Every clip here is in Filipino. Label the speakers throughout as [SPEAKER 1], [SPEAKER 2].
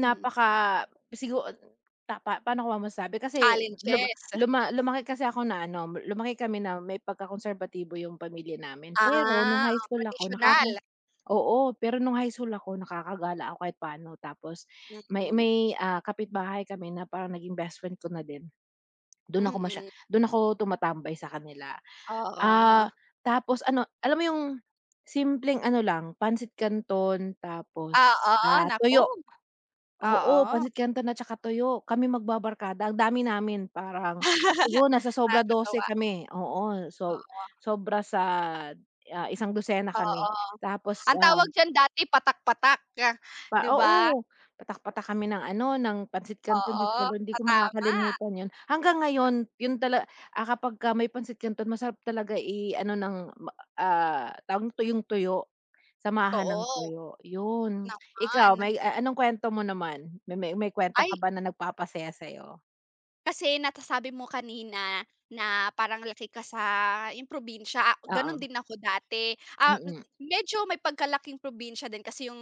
[SPEAKER 1] Hmm.
[SPEAKER 2] sigu ta pa paano ko ma masabi kasi, lum
[SPEAKER 1] Challenges.
[SPEAKER 2] luma lumaki kasi ako na ano, lumaki kami na may pagka-konserbatibo yung pamilya namin pero nung
[SPEAKER 1] Ah,
[SPEAKER 2] high
[SPEAKER 1] oh,
[SPEAKER 2] school ako nakaka
[SPEAKER 1] traditional.
[SPEAKER 2] oo, pero nung high school ako nakaka-gala ako kahit paano tapos,
[SPEAKER 1] Hmm,
[SPEAKER 2] may
[SPEAKER 1] mm.
[SPEAKER 2] may, ah, kapitbahay kami na parang naging best friend ko na din. Dun ako masya
[SPEAKER 1] Mm.
[SPEAKER 2] dun ako tumatambay sa kanila. Ah,
[SPEAKER 1] Oo.
[SPEAKER 2] tapos ano, alam mo yung, simpleng ano lang, pansit kanon tapos,
[SPEAKER 1] Ah, oo,
[SPEAKER 2] ah,
[SPEAKER 1] naku.
[SPEAKER 2] tuyo. Oo,
[SPEAKER 1] Oo.
[SPEAKER 2] pancit canton at saka tuyo kami mag-babarkada ang dami namin parang, siguro nasa sobra 12
[SPEAKER 1] Kakatuwa.
[SPEAKER 2] kami, oo, so
[SPEAKER 1] Oo.
[SPEAKER 2] sobra sa ah, isangdosena kami
[SPEAKER 1] Oo,
[SPEAKER 2] tapos,
[SPEAKER 1] ang
[SPEAKER 2] ah
[SPEAKER 1] tawag diyan dati patak-patak,
[SPEAKER 2] Pa
[SPEAKER 1] 'di ba?
[SPEAKER 2] oo, patak-patak kami ng ano ng pancit canton, Diyos
[SPEAKER 1] Oo,
[SPEAKER 2] ko lord hindi
[SPEAKER 1] patama.
[SPEAKER 2] makakalimutan yun. Hanggang ngayon yun tala ah, kapagka may pancit canton masarap talaga i-ano ng m ah, tawag tuyong-tuyo, samahan ng
[SPEAKER 1] Totoo.
[SPEAKER 2] tuyo, yun. Ikaw
[SPEAKER 1] Naman.
[SPEAKER 2] may a anong kwento mo naman? Me may kwento ka
[SPEAKER 1] Ay.
[SPEAKER 2] ba na nag-papasaya sa'yo?
[SPEAKER 1] Kasi natasabi mo kanina, na parang laki ka sa yun probinsya, ganun
[SPEAKER 2] Oo.
[SPEAKER 1] din ako dati. Ah,
[SPEAKER 2] Mm.
[SPEAKER 1] medyo may pagka-laking probinsya din kasi yung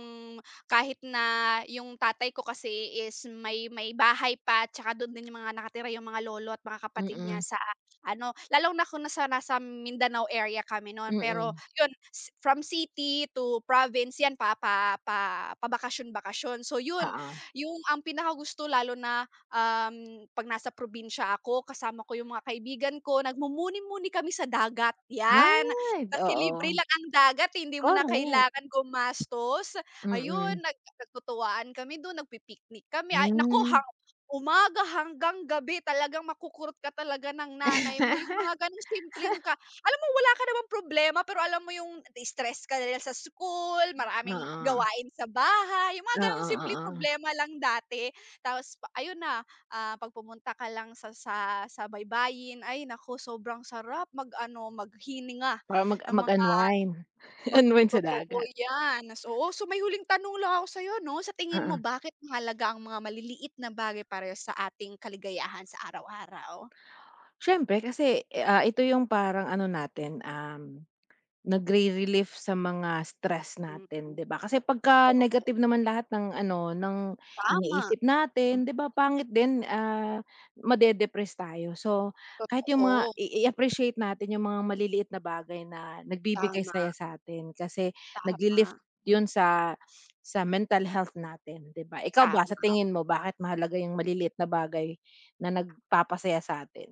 [SPEAKER 1] kahit na yung tatay ko kasi is may may bahay pa tsaka dun din yung mga nakatira yung mga lolo at mga kapatid niya
[SPEAKER 2] Mm.
[SPEAKER 1] sa ano, lalong na kung nasa nasam Mindanao area kami nun pero,
[SPEAKER 2] Mm.
[SPEAKER 1] yun s from city to province yan pa pa pa pabakasyon bakasyon. So yun,
[SPEAKER 2] Oo.
[SPEAKER 1] yung ang pinakagusto lalo na, um, pag nasa probinsya ako kasama ko yung mga kaibigan ko, nag-mumuni-muni kami sa dagat, yan.
[SPEAKER 2] Ay,
[SPEAKER 1] Kasi libre
[SPEAKER 2] oo.
[SPEAKER 1] lang ang dagat hindi mo na
[SPEAKER 2] Korek.
[SPEAKER 1] kailangan gumastos, ayun,
[SPEAKER 2] Mm.
[SPEAKER 1] nag nagtutuwaan kami dun nagpi-picnic kami ay naku
[SPEAKER 2] Hmm.
[SPEAKER 1] hap umaga hanggang gabi talagang makukurot ka talaga ng nanay mo, yung mga ganong simpleng ka alam mo wala ka naman problema pero alam mo yung na-stress ka ka lil ya sa school, maraming
[SPEAKER 2] Oo.
[SPEAKER 1] gawain sa bahay. Yung mga ganong
[SPEAKER 2] Oo,
[SPEAKER 1] simpleng
[SPEAKER 2] oo.
[SPEAKER 1] problema lang dati, tapos pa ayun na, ah, pag pumunta ka lang sa sa sa baybayin ay naku sobrang sarap mag ano, maghininga
[SPEAKER 2] Para mag
[SPEAKER 1] ng mga
[SPEAKER 2] mag-unwind,
[SPEAKER 1] mag
[SPEAKER 2] unwind sa
[SPEAKER 1] totoo
[SPEAKER 2] dagat.
[SPEAKER 1] yan, nas oo, so may huling tanong lang ako sayo, 'no, sa tingin mo
[SPEAKER 2] Mm.
[SPEAKER 1] bakit mahalaga ang mga maliliit na bagay parehas sa ating kaligayahan sa araw-araw?
[SPEAKER 2] Siyempre kasi, eh, ah, ito yung parang ano natin, um, nagri-relief sa mga stress
[SPEAKER 1] Mm.
[SPEAKER 2] natin, 'di ba, kasi pagka-negative
[SPEAKER 1] Oo.
[SPEAKER 2] naman lahat ng ano ng
[SPEAKER 1] Tama. Hmm.
[SPEAKER 2] iniisip natin, 'di ba, pangit din, ah, ma-dedepress tayo so, kahit yung mga
[SPEAKER 1] Totoo.
[SPEAKER 2] i i-appreciate natin yung mga maliliit na bagay na nagbibigay
[SPEAKER 1] Tama.
[SPEAKER 2] saya satin, kasi, naglilift
[SPEAKER 1] Tama.
[SPEAKER 2] yun sa sa mental health natin, 'di ba? ikaw ba sa
[SPEAKER 1] Tama.
[SPEAKER 2] tingin mo bakit mahalaga yung maliliit na bagay na nagpapasaya sa'tin?